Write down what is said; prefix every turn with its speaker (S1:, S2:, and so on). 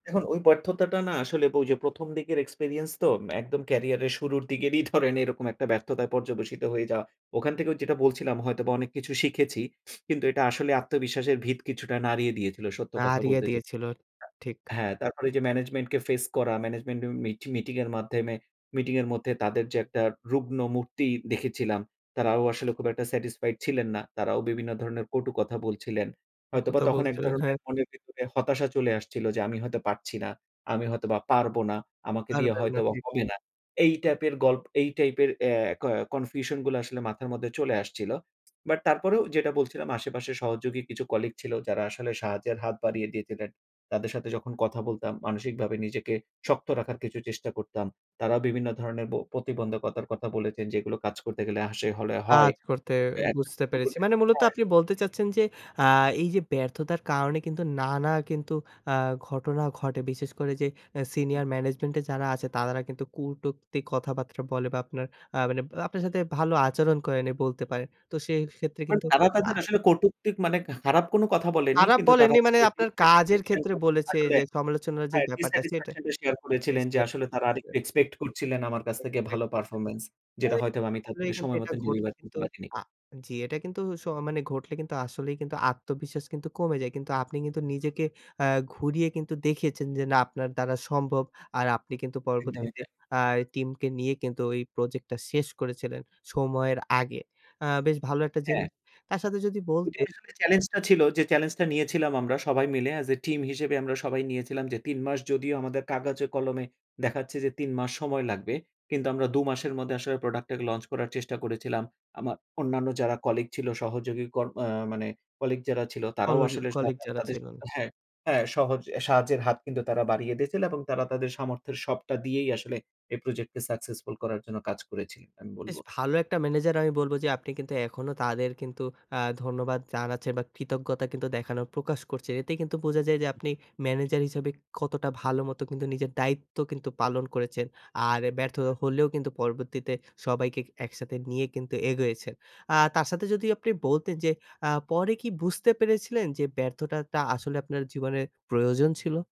S1: দেখুন, ওই ব্যর্থতাটা না আসলে ওই যে ১ম দিকের experience তো ম্যা একদম ক্যারিয়ারের শুরুর দিকেরই ধরেন এরকম একটা ব্যর্থতায় পর্যবসিত হয়ে যাওয়া। ওখান থেকেও যেটা বলছিলাম হয়তোবা অনেক কিছু শিখেছি। কিন্তু এটা আসলে আত্মবিশ্বাসের ভিত কিছুটা নাড়িয়ে দিয়েছিল সত্য কথা
S2: নাড়িয়ে
S1: বলতে যে
S2: দিয়েছিল ঠিক।
S1: হ্যাঁ, তারপরে এইযে ম্যানেজমেন্টকে ফেস করা, ম্যানেজমেন্টের মিটি মিটিং এর মাধ্যমে মিটিং এর মধ্যে তাদের যে একটা রুগ্ন মূর্তি দেখেছিলাম, তারাও আসলে খুব একটা satisfied ছিলেন না। তারাও বিভিন্ন ধরনের কটু কথা বলছিলেন।
S2: ও
S1: হয়তোবা
S2: কথা
S1: তখন এক
S2: বলছিলেন,
S1: ধরনের
S2: হ্যাঁ।
S1: মনের ভেতরে হতাশা চলে আসছিল, যে আমি হয়তো পারছি না, আমি হয়তোবা পারব না। আমাকে দিয়ে
S2: পারবেন না
S1: হয়তোবা
S2: ঠিক।
S1: হবে না। এই টাইপের গল্প এই টাইপের অ্যা ক confusion গুলা আসলে মাথার মধ্যে চলে আসছিল। বাট তারপরেও যেটা বলছিলাম আশেপাশের সহযোগী কিছু কলিগ ছিল যারা আসলে সাহায্যের হাত বাড়িয়ে দিয়েছিলেন। তাদের সাথে যখন কথা
S2: হুম।
S1: বলতাম মানসিকভাবে নিজেকে শক্ত রাখার কিছু চেষ্টা করতাম। তারাও বিভিন্ন ধরনের ব প্রতিবন্ধকতার কথা বলেছেন, যে এগুলো কাজ করতে গেলে আসে হলে হয়।
S2: কাজ করতে
S1: অ্যা [unintelligible]
S2: বুঝতে
S1: শুরুর
S2: পেরেছি। মানে মূলত আপনি বলতে
S1: দিকে।
S2: চাচ্ছেন যে আ এই যে ব্যর্থতার কারণে কিন্তু নানা কিন্তু আ ঘটনা ঘটে। বিশেষ করে যে অ্যা
S1: উহু।
S2: সিনিয়র ম্যানেজমেন্টে যারা আছে তারা কিন্তু কুটুক্তি কথাবার্তা বলে বা আপনার আ মানে আপনার সাথে ভালো আচরণ করে নাই বলতে পারেন। তো সেক্ষেত্রে
S1: মানে
S2: কিন্তু
S1: তারা
S2: আ
S1: তাদের আসলে কটুক্তি ক মানে কাহ খারাপ কোন কথা বলেনি।
S2: তারা
S1: কিন্তু তারা
S2: বলেনি মানে
S1: তাদের
S2: আপনার কাজের
S1: dissatisfaction
S2: ক্ষেত্রে
S1: টা
S2: বলেছে
S1: আসলে
S2: যে সমালোচনার যে
S1: হ্যাঁ,
S2: ব্যাপারটা সেটা।
S1: dissatisfaction টা শেয়ার
S2: এই
S1: করেছিলেন যে
S2: সে
S1: আসলে তারা আরেকটু এক্সপেক্ট করছিলেন আমার কাছ
S2: [unintelligible]
S1: থেকে
S2: চেক
S1: ভালো
S2: করসে।
S1: পারফরম্যান্স। যেটা
S2: এই
S1: হয়তো আমি
S2: আসলেই
S1: তাদেরকে
S2: কিন্তু
S1: সময় মত
S2: এটা ঘটলে
S1: ডেলিভার
S2: কিন্তু
S1: করতে পারিনি।
S2: আ জি এটা কিন্তু সহ মানে ঘটলে কিন্তু আসলেই কিন্তু আত্মবিশ্বাস কিন্তু কমে যায়। কিন্তু আপনি কিন্তু নিজেকে আ ঘুরিয়ে কিন্তু দেখিয়েছেন যে না আপনার দ্বারা সম্ভব। আর আপনি কিন্তু
S1: একদমই
S2: পরবর্তীতে
S1: তাই।
S2: আই টিমকে নিয়ে কিন্তু ওই প্রজেক্টটা শেষ করেছিলেন সময়ের আগে। আ বেশ ভালো একটা
S1: হ্যাঁ।
S2: জিনিস। তার সাথে যদি
S1: এটি
S2: বলতে
S1: আসলে চ্যালেঞ্জটা ছিল যে চ্যালেঞ্জটা নিয়েছিলাম আমরা সবাই মিলে as a team হিসেবে আমরা সবাই নিয়েছিলাম যে ৩ মাস যদিও আমাদের কাগজে কলমে দেখাচ্ছে যে ৩ মাস সময় লাগবে কিন্তু আমরা ২ মাসের মধ্যে আসলে প্রোডাক্টের লঞ্চ করার চেষ্টা করেছিলাম। আমা অন্যান্য যারা কলিগ ছিল সহযোগী কর আ মানে কলিগ যারা ছিল তারাও
S2: কলোজি
S1: আসলে
S2: কলিগ
S1: তারা,
S2: যারা
S1: তাদের
S2: ছিলেন।
S1: হ্যাঁ, হ্যাঁ সহজ সাহায্যের হাত কিন্তু তারা বাড়িয়ে দিয়েছিল এবং তারা তাদের সামর্থ্যের সবটা দিয়েই আসলে এই প্রজেক্টকে সাকসেসফুল করার জন্য কাজ করেছি। আমি বলব।
S2: বেশ ভালো একটা ম্যানেজার আমি বলবো যে আপনি কিন্তু এখনো তাদের কিন্তু আ ধন্যবাদ জানাচ্ছেন বা কৃতজ্ঞতা কিন্তু দেখানোর প্রকাশ করছে এতেই কিন্তু বোঝা যায় যে আপনি
S1: উহু।
S2: ম্যানেজার হিসেবে কতটা ভালো মতো কিন্তু নিজের দায়িত্ব কিন্তু পালন করেছেন। আর ব্যর্থ হলেও কিন্তু পরবর্তীতে সবাইকে ক একসাথে নিয়ে কিন্তু এগোয়েছেন আ তার সাথে যদি আপনি বলতেন যে আ পরে কি বুঝতে পেরেছিলেন যে ব্যর্থতাটা আসলে আপনার জীবনে প্রয়োজন ছিল?